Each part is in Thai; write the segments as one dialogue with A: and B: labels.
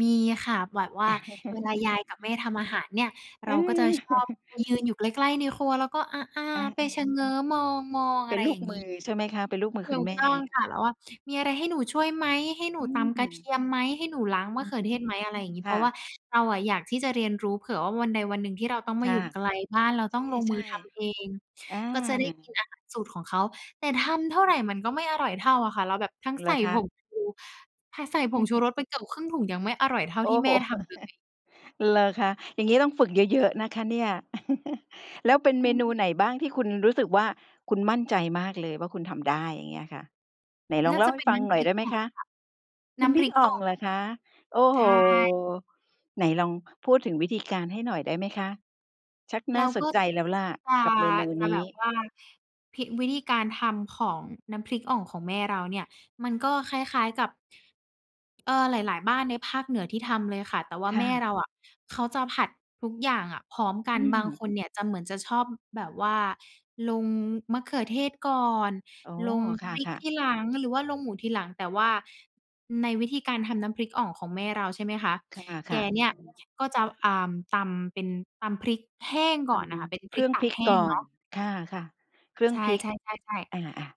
A: มีค่ะ แบบว่าเวลา ยายกับแม่ทำอาหารเนี่ย
B: เ
A: เ
B: อ
A: ราก็จะชอบ
B: อ
A: ยืนอยู่ใกล้ ๆ ในครัวแล้วก็ อา
B: อ
A: ๆ ไป
B: า ๆ
A: ชะเง้อมอง ๆ
B: เ
A: อ
B: ป
A: ะ
B: ็
A: ไ
B: น
A: ร
B: ล
A: อ
B: ู
A: ย่
B: ก
A: างง
B: มื
A: ี้
B: อใช่ไหมคะ? เป็นลูกมือ
A: ถ
B: ค
A: ู
B: ุณ
A: ก
B: แม่
A: ต้องค่ะ แล้วว่า "มีอะไรให้หนูช่วยไหม ให้หนู
B: อื
A: ตำกระเท
B: ม
A: ียมไหม ให้หนูล้างม
B: อ
A: ะ
B: ื
A: เข
B: อ
A: ือ
B: ฮ
A: เท
B: ึ
A: ศไหม?" อะไรอย่างงี้
B: ค
A: เพร
B: ่
A: าะว
B: ะ
A: ่าเราอะอยากที่จะเรียนรู้ เผื่อว่าวันใดวันหนึ่งที่เราต้องม
B: ค
A: า
B: ่
A: อยู
B: ะ
A: ่ไกลบ้าน เรา
B: ใ
A: ต้องลงม
B: ช
A: ื
B: ่
A: อทำเอง
B: ๆ อา
A: ก็จะได้กินอาหารสูตรของเขา แต่ทำเท่าไรมันก็ไม่อร่อยเท่าอะค่ะ เราแบบทั้ง
B: เห
A: ใ
B: ร
A: ส่
B: อค
A: ผ
B: ะ
A: งชู ท ใส่ผงชูรสไปเกือบครึ่งถุงยังไม่อร่อยเท่า
B: โอ
A: ที
B: ้
A: ่
B: โ
A: แม
B: ฮ
A: ่ทำเลย
B: เหรอคะ อย่างงี้ต้องฝึกเยอะ ๆ นะคะเนี่ย แล้วเป็น
A: อื
B: เม
A: ม
B: นูไหนบ้างที่คุณรู้สึกว่า คุณมั่นใจมากเลยว่า คุณทำได้อย่างเงี้ยค่ะ? ไหนล
A: น
B: อ
A: ่
B: ง
A: า
B: เล่
A: จ
B: า
A: ะ
B: ให
A: เ
B: ้
A: ป็น
B: ฟั
A: น
B: ง
A: ้ำ
B: ห
A: พ
B: น่อ
A: ริ
B: ยไ
A: ก
B: ด้ไห
A: อ
B: ม
A: ่อง
B: ค
A: ค
B: ะ?
A: ่ะ น
B: น
A: ้
B: ้
A: ำ
B: ำ
A: พ
B: พริ
A: ริ
B: ก
A: ก
B: อ่
A: อ
B: อ
A: ่อ
B: ง
A: ง
B: เหรอคะ? โอ้
A: ใ
B: โ
A: ช
B: ฮ
A: ่
B: ไหนลองพูดถึงวิธีการให้หน่อยได้ไหมคะ? ชัก
A: เร
B: น่
A: า
B: าส
A: ก
B: น
A: ็
B: ใจแล้วล่ะ
A: จา
B: กับเมนู
A: จา
B: น
A: แบ
B: ี
A: บ
B: ้
A: ว่า พริก วิธีการทำของน้ำพริกอ่องของแม่เราเนี่ย มันก็คล้าย ๆ กับ เอ่อ หลาย ๆ บ้านในภาคเหนือที่ทำเลยค่ะ แต่ว่า
B: ค
A: แ
B: ่
A: ม่
B: ะ
A: เราอะ เขาจาผัดทุกอย่างอะพร้อมกั
B: อื
A: น บ
B: ม
A: างคนเนี่ยจะเหมือน จะชอบแบบว่าลงมะเขือเทศก่อน
B: อ๋อ
A: ลง
B: ค
A: พริก
B: ่ะ
A: ท
B: ๆ
A: ีหลังหรือว่าลงหมูทีหลัง แต่ว่าในวิธีการทำน้ำพริกอ่องของแม่เรา ใช่ไหมคะ
B: ค
A: แก
B: ่ะ
A: เน
B: ๆ อ
A: ี่
B: ื
A: ย
B: อฮึ
A: ก็จะ อ่า ตำเป็น ตำพริกแห้งก
B: ต
A: ่อนอะค่ะ เป็น
B: ำเ
A: พ
B: ค
A: ริ
B: รื
A: ก
B: ่อง
A: ตา
B: พ
A: ก
B: ริก
A: แห้
B: ก
A: ง
B: ่อ
A: เน
B: น
A: าะ
B: ค่ะ ๆ เครื่
A: ใ
B: อ
A: ช
B: งพริก
A: ่ ๆ ๆ ๆ
B: อะ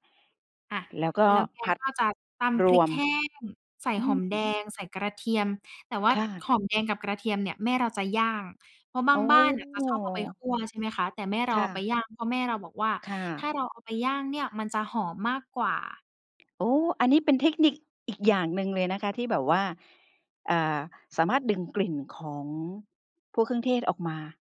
A: อะ
B: ๆ แล้วก็
A: แล้วแก
B: ผัด
A: ก็จะตำ
B: ร
A: พริ
B: ว
A: ก
B: ม
A: แห้ง ใส่
B: อื
A: หอ
B: ม
A: มแดง ใส่กระเทียม แต่ว่า
B: ค่ะ
A: หอมแดงกับกระเทียมเนี่ยแม่เราจะย่าง เพราะบ
B: อ
A: า
B: ๋
A: งบ้านอะจะชอบเอาไป
B: อ
A: คั่ว ใช่ไหมคะ แต่แม่เร
B: ค
A: าเ
B: ่
A: อาไป
B: ะ
A: ย่าง เพราะแม่เราบอกว่า
B: ค่
A: "ถ้า
B: ะ
A: เราเอาไปย่างเนี่ยมันจะหอมมากกว่า"
B: โอ้ อันนี้เป็นเทคนิค อีกอย่างหนึ่งเลยนะคะที่แบบว่า อ่า สามารถดึงกลิ่นของ พวกเครื่องเทศออกมา